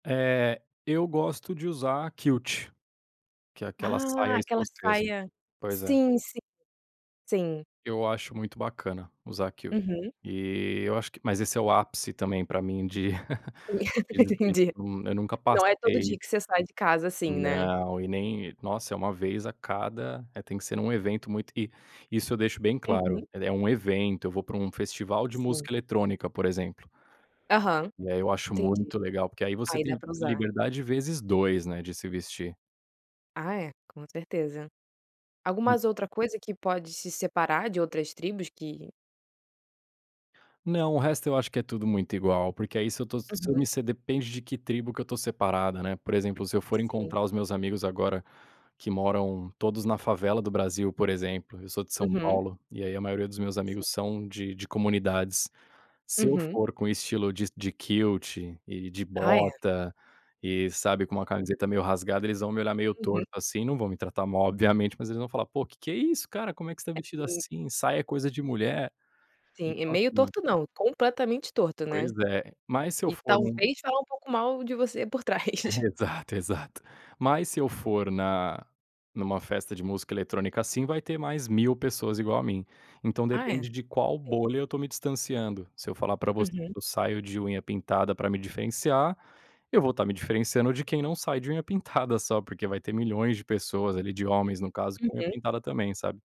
Eh, eu gosto de usar kilt. Que é aquela saia Ah aquela escocesa. saia, Pois é. sim, sim, sim. Eu acho muito bacana usar kilt. Uhum. E eu acho que, mas esse é o ápice também para mim de [unintelligible] eu Entendi. eu nunca Não é todo passei. dia que você sai de casa assim, né. Não. E nem. Nossa é uma vez a cada é tem que ser em um evento muito e isso eu deixo bem claro, Uhum. é um evento eu vou para um festival de Sim. música eletrônica por exemplo. Aham. E aí eu acho Entendi. muito legal porque aí você Aí dá tem para usar. liberdade vezes 2, né, de se vestir. Ah é, com certeza. Hum. Algumas outra coisa que pode se separar de outras tribos que Não, o resto eu acho que é tudo muito igual, porque aí se eu tô se eu me Uhum. você depende de que tribo que eu estou separada, né. Por exemplo, se eu for Sim. encontrar os meus amigos agora, que moram todos na favela do Brasil, por exemplo, eu sou de São Uhum. Paulo, e aí a maioria dos meus Sim. amigos são de de comunidades. Se eu Uhum. for com estilo de de kilt e de Ah, é. bota e sabe com uma Hum. camiseta meio rasgada, eles vão me olhar meio Uhum. torto assim não vão me tratar mal obviamente, mas eles vão falar: "Pô que que é isso cara, Como é que você está vestido [unintelligible] assim? Saia é coisa de mulher". Sim é Então meio assim. torto não, completamente torto, Pois né. é, mas se eu E for em um talvez falar um pouco mal de você por trás. Exato exato. Mas se eu for na em uma festa de música eletrônica assim vai ter mais 1000 pessoas igual a mim. Então Ah é. depende de qual Sim. bolha eu estou me distanciando. Se eu falar para você que Uhum. eu saio de unha pintada para me diferenciar, eu vou estar me diferenciando de quem não sai de unha pintada só, porque vai ter milhões de pessoas ali de homens no caso com unha Uhum. pintada também, sabe?